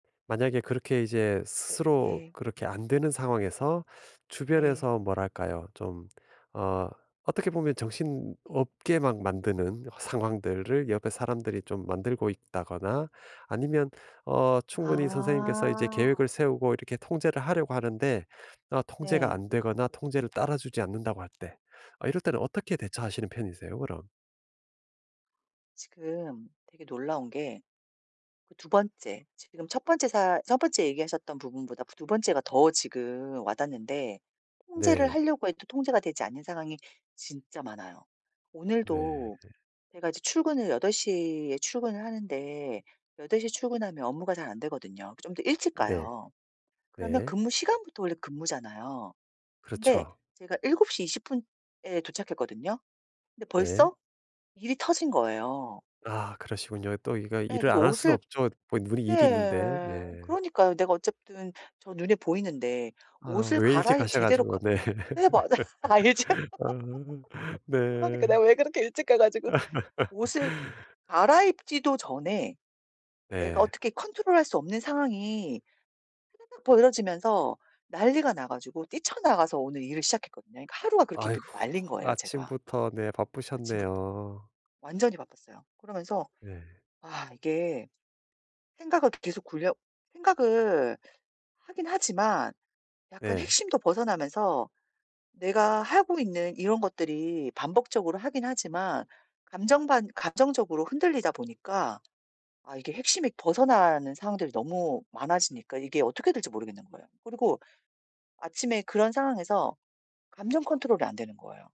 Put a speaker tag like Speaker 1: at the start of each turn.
Speaker 1: 만약에 그렇게 이제 스스로
Speaker 2: 네.
Speaker 1: 그렇게 안 되는 상황에서
Speaker 2: 네.
Speaker 1: 주변에서 뭐랄까요? 좀 어 어떻게 보면 정신없게 막 만드는 상황들을 옆에 사람들이 좀 만들고 있다거나 아니면 어 충분히 선생님께서 이제
Speaker 2: 아.
Speaker 1: 계획을 세우고 이렇게 통제를 하려고 하는데 어 통제가
Speaker 2: 네.
Speaker 1: 안 되거나 통제를 따라주지 않는다고 할 때. 아 이럴 때는 어떻게 대처하시는 편이세요 그럼?
Speaker 2: 지금 되게 놀라운 게 그 2 번째, 지금 1 번째 사 1 번째 얘기하셨던 부분보다 부 2 번째가 더 지금 와닿는데 통제를
Speaker 1: 네.
Speaker 2: 하려고 해도 통제가 되지 않는 상황이 진짜 많아요.
Speaker 1: 네.
Speaker 2: 오늘도 제가 이제 출근을 8:00 에 출근을 하는데 8:00 에 출근하면 업무가 잘 안되거든요. 그 좀 더 일찍
Speaker 1: 네.
Speaker 2: 가요. 그러면
Speaker 1: 네.
Speaker 2: 근무 시간부터 원래 근무잖아요. 근데
Speaker 1: 그렇죠.
Speaker 2: 제가 7:20 에 도착했거든요. 근데
Speaker 1: 네.
Speaker 2: 벌써 일이 터진 거예요.
Speaker 1: 아 그러시군요. 또 이거
Speaker 2: 예
Speaker 1: 일을
Speaker 2: 그래서
Speaker 1: 안 할 수는
Speaker 2: 옷을
Speaker 1: 없죠. 뭐 눈이 일이 있는데.
Speaker 2: 네.
Speaker 1: 네.
Speaker 2: 그러니까요. 내가 어쨌든 저 눈에 보이는데
Speaker 1: 아
Speaker 2: 옷을
Speaker 1: 왜 일찍
Speaker 2: 갈아이
Speaker 1: 가셔
Speaker 2: 제대로
Speaker 1: 가지고.
Speaker 2: 가
Speaker 1: 네.
Speaker 2: 네 맞아요. 알죠?
Speaker 1: 아. 네.
Speaker 2: 그러니까 내가 왜 그렇게 일찍 가 가지고. 옷을 갈아입지도 전에 내가
Speaker 1: 네.
Speaker 2: 어떻게 컨트롤할 수 없는 상황이 타다닥 벌어지면서 난리가 나 가지고 뛰쳐나가서 오늘 일을 시작했거든요. 그러니까 하루가 그렇게 믹
Speaker 1: 아이고
Speaker 2: 말린 거예요 제가.
Speaker 1: 아침부터 네
Speaker 2: 아침부터
Speaker 1: 바쁘셨네요.
Speaker 2: 완전히 바빴어요. 그러면서
Speaker 1: 네.
Speaker 2: 아 이게 생각을 계속 굴려 생각을 하긴 하지만 약간
Speaker 1: 네.
Speaker 2: 핵심도 벗어나면서 내가 하고 있는 이런 것들이 반복적으로 하긴 하지만 감정 반 감정적으로 흔들리다 보니까 아 이게 핵심이 벗어나는 상황들이 너무 많아지니까 이게 어떻게 될지 모르겠는 거예요. 그리고 아침에 그런 상황에서 감정 컨트롤이 안 되는 거예요.